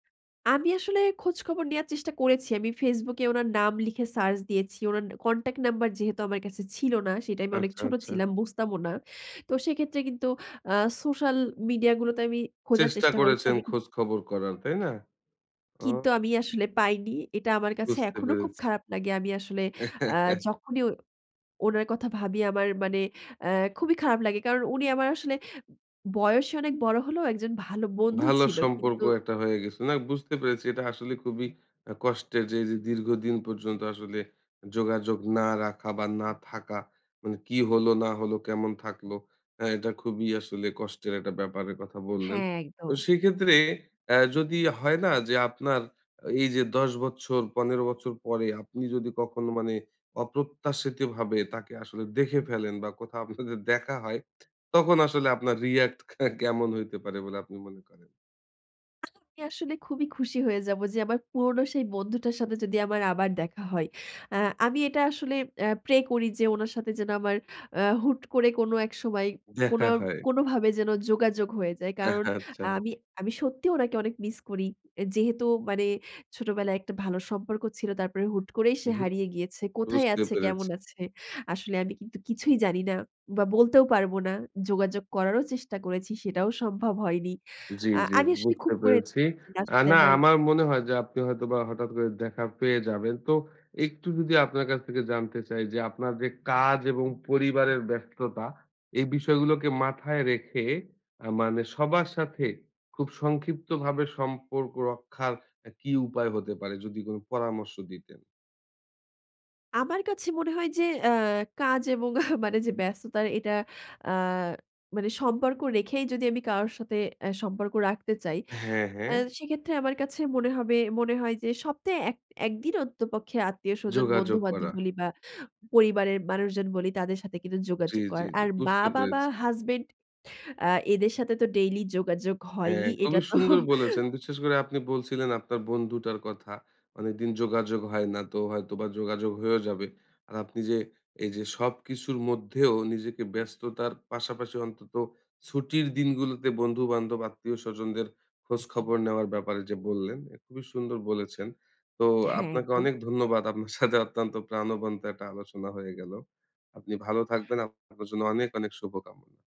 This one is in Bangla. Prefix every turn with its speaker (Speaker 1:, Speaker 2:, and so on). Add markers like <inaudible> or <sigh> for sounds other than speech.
Speaker 1: আমি আসলে খোঁজ-খবর নেওয়ার চেষ্টা করেছি। আমি Facebook এ উনার নাম লিখে সার্চ দিয়েছি। উনার কনট্যাক্ট নাম্বার যেহেতু আমার কাছে ছিল না। সে টাইমে আমি অনেক
Speaker 2: আচ্ছা,
Speaker 1: ছোট
Speaker 2: আচ্ছা।
Speaker 1: ছিলাম বুঝতামও না। তো সেক্ষেত্রে কিন্তু আ সোশ্যাল মিডিয়া গুলোতে আমি খোঁজার
Speaker 2: চেষ্টা
Speaker 1: চেষ্টা করেছি।
Speaker 2: করেছেন
Speaker 1: আমি কিন্তু
Speaker 2: খোঁজ খবর করার। তাই না? উম।
Speaker 1: কিন্তু আমি আসলে পাইনি। এটা আমার কাছে
Speaker 2: বুঝতে
Speaker 1: এখনো খুব
Speaker 2: পেরেছি।
Speaker 1: খারাপ লাগে। আমি আসলে আ
Speaker 2: <laughs>
Speaker 1: যখনই উনার কথা ভাবি আমার মানে আ খুবই খারাপ লাগে। কারণ উনি আমার আসলে বয়সে অনেক বড় হলেও একজন ভালো বন্ধু
Speaker 2: ভালো
Speaker 1: ছিল।
Speaker 2: সম্পর্ক
Speaker 1: কিন্তু
Speaker 2: একটা হয়ে গেছে। না বুঝতে পেরেছি এটা আসলে খুবই আ কষ্টের যে এই যে দীর্ঘদিন পর্যন্ত আসলে যোগাযোগ না রাখা বা না থাকা মানে কি হলো না হলো কেমন থাকলো। হ্যাঁ, এটা খুবই আসলে কষ্টের একটা ব্যাপারের কথা বললেন।
Speaker 1: হ্যাঁ,
Speaker 2: তো
Speaker 1: একদম।
Speaker 2: সেক্ষেত্রে অ্যাঁ যদি হয় না যে আপনার এই যে ১০ বছর ১৫ বছর পরে, আপনি যদি কখনো মানে অপ্রত্যাশিতভাবে তাকে আসলে দেখে ফেলেন বা কোথাও আপনাদের দেখা হয়, তখন আসলে আপনার রিঅ্যাক্ট কেমন হইতে পারে বলে আপনি মনে করেন?
Speaker 1: আমি আসলে খুবই খুশি হয়ে যাবো, যে আমার পুরনো সেই বন্ধুটার সাথে যদি আমার আবার দেখা হয়। অ্যাঁ আমি এটা আসলে অ্যাঁ প্রে করি যে, ওনার সাথে যেন আমার অ্যাঁ হুট করে কোন এক সময়
Speaker 2: দেখা
Speaker 1: কোনো,
Speaker 2: হয়।
Speaker 1: কোনোভাবে যেন যোগাযোগ হয়ে যায়। কারণ
Speaker 2: আচ্ছা, আচ্ছা।
Speaker 1: আমি, আমি সত্যিই ওনাকে অনেক মিস করি। অ্যা যেহেতু মানে ছোটবেলায় একটা ভালো সম্পর্ক ছিল, তারপরে হুট করেই সে
Speaker 2: হুম, হুম
Speaker 1: হারিয়ে গিয়েছে। কোথায়
Speaker 2: বুঝতে
Speaker 1: আছে, কেমন
Speaker 2: পেরেছি।
Speaker 1: আছে, আসলে আমি কিন্তু কিছুই জানি না বা বলতেও পারব না। যোগাযোগ করারও চেষ্টা করেছি, সেটাও সম্ভব হয়নি।
Speaker 2: জ্বী,
Speaker 1: আ
Speaker 2: জ্বী,
Speaker 1: আমি আসলে
Speaker 2: বুঝতে
Speaker 1: খুব করেছি
Speaker 2: পেরেছি।
Speaker 1: লাস্ট
Speaker 2: আ
Speaker 1: যে
Speaker 2: না
Speaker 1: আমার
Speaker 2: আমার মনে হয় যে আপনি হয়তোবা হঠাৎ করে দেখা পেয়ে যাবেন। তো একটু যদি আপনার কাছ থেকে জানতে চাই, যে আপনার যে কাজ এবং পরিবারের ব্যস্ততা এই বিষয়গুলোকে মাথায় রেখে আ মানে সবার সাথে খুব সংক্ষিপ্তভাবে সম্পর্ক রক্ষার অ্যা কী উপায় হতে পারে? যদি কোন পরামর্শ দিতেন।
Speaker 1: আমার কাছে মনে হয় যে, আ কাজ এবং মানে যে ব্যস্ততার এটা আ মানে সম্পর্ক রেখেই যদি আমি কারো সাথে আ সম্পর্ক রাখতে চাই।
Speaker 2: হ্যাঁ, হ্যাঁ।
Speaker 1: অ্যাঁ সেক্ষেত্রে আমার কাছে মনে হবে, মনে হয় যে, সপ্তাহে ১ দিন অন্ততপক্ষে আত্মীয়স্বজন
Speaker 2: যোগাযোগ
Speaker 1: বন্ধুবান্ধব
Speaker 2: করা।
Speaker 1: বলি বা পরিবারের মানুষজন বলি তাদের সাথে কিন্তু
Speaker 2: জ্বী,
Speaker 1: যোগাযোগ
Speaker 2: জ্বী,
Speaker 1: করার।
Speaker 2: জ্বী,
Speaker 1: আর
Speaker 2: বুঝতে
Speaker 1: মা-বাবা,
Speaker 2: পেরেছি।
Speaker 1: হাসব্যান্ড আ এদের সাথে তো ডেইলি যোগাযোগ
Speaker 2: হ্যাঁ,
Speaker 1: হয়ই। এটা
Speaker 2: খুবই
Speaker 1: তো
Speaker 2: সুন্দর বলেছেন। বিশেষ করে আপনি বলছিলেন আপনার বন্ধুটার কথা। অনেকদিন যোগাযোগ হয় না তো হয়তোবা যোগাযোগ হয়েও যাবে। আর আপনি যে এই যে, সবকিছুর মধ্যেও নিজেকে ব্যস্ততার পাশাপাশি অন্তত ছুটির দিনগুলোতে বন্ধু-বান্ধব আত্মীয় স্বজনদের খোঁজ খবর নেওয়ার ব্যাপারে যে বললেন, খুবই সুন্দর বলেছেন। তো
Speaker 1: হ্যাঁ,
Speaker 2: আপনাকে
Speaker 1: একদম।
Speaker 2: অনেক ধন্যবাদ। আপনার সাথে অত্যন্ত প্রাণবন্ত একটা আলোচনা হয়ে গেল। আপনি ভালো থাকবেন, আপনার জন্য অনেক অনেক শুভকামনা।